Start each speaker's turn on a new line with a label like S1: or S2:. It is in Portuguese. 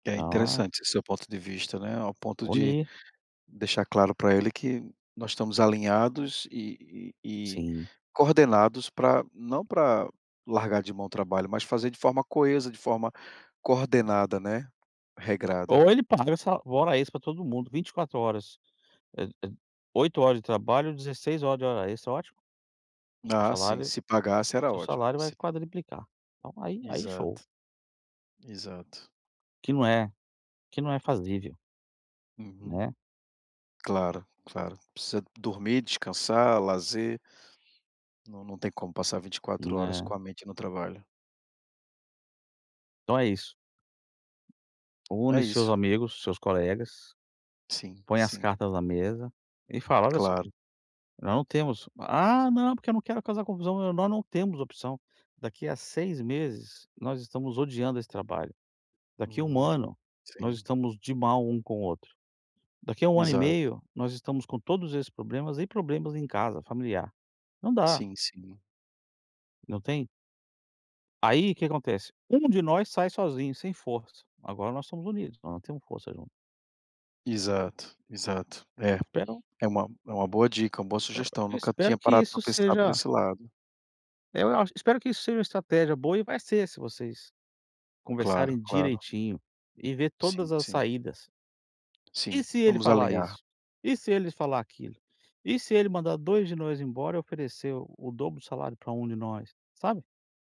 S1: É
S2: Oh.
S1: interessante esse seu ponto de vista, né, ao ponto de
S2: Unir.
S1: deixar claro pra ele que nós estamos alinhados e e e
S2: Sim.
S1: coordenados pra não pra largar de mão o trabalho, mas fazer de forma coesa, de forma coordenada, né, regrada.
S2: Ou ele paga essa hora extra pra todo mundo, 24h, é é 8h de trabalho, 16h de hora extra, ótimo. Seu
S1: Ah sim,
S2: salário
S1: se pagasse era
S2: seu salário
S1: ótimo
S2: vai
S1: se
S2: quadruplicar, então aí aí show.
S1: Exato, exato.
S2: Que não é que não é fazível
S1: Uhum.
S2: né?
S1: Claro, claro, precisa dormir, descansar, lazer. Não, não tem como passar 24h
S2: É.
S1: com a mente no trabalho.
S2: Então é isso. Une
S1: É
S2: seus
S1: isso.
S2: amigos, seus colegas,
S1: Sim,
S2: põe as
S1: sim.
S2: cartas na mesa e fala: "Olha só,
S1: Claro.
S2: já não temos", "Ah, não, porque eu não quero causar confusão", "Nós não temos opção, daqui a 6 meses, nós estamos odiando esse trabalho, daqui a 1
S1: Hum,
S2: ano nós
S1: sim.
S2: estamos de mal um com o outro, daqui a 1 ano e
S1: Exato.
S2: meio nós estamos com todos esses problemas e problemas em casa, familiar, não dá."
S1: Sim, sim.
S2: Não tem Aí que que acontece, um de nós sai sozinho sem força, agora nós somos unidos, nós temos força junto.
S1: Exato, exato. É,
S2: Esperam
S1: é uma é uma boa dica, uma boa sugestão, nunca tinha
S2: Espero que
S1: parado pra
S2: isso
S1: pensar por
S2: seja
S1: esse lado.
S2: eu acho espero que isso seja uma estratégia boa, e vai ser, se vocês
S1: Claro,
S2: conversarem
S1: claro.
S2: direitinho e ver
S1: Sim,
S2: todas as
S1: sim.
S2: saídas
S1: Sim,
S2: "e se ele
S1: vamos
S2: falar
S1: alinhar.
S2: isso? E se eles falar aquilo? E se ele mandar 2 de nós embora e oferecer o dobro do salário pra 1 de nós?", sabe?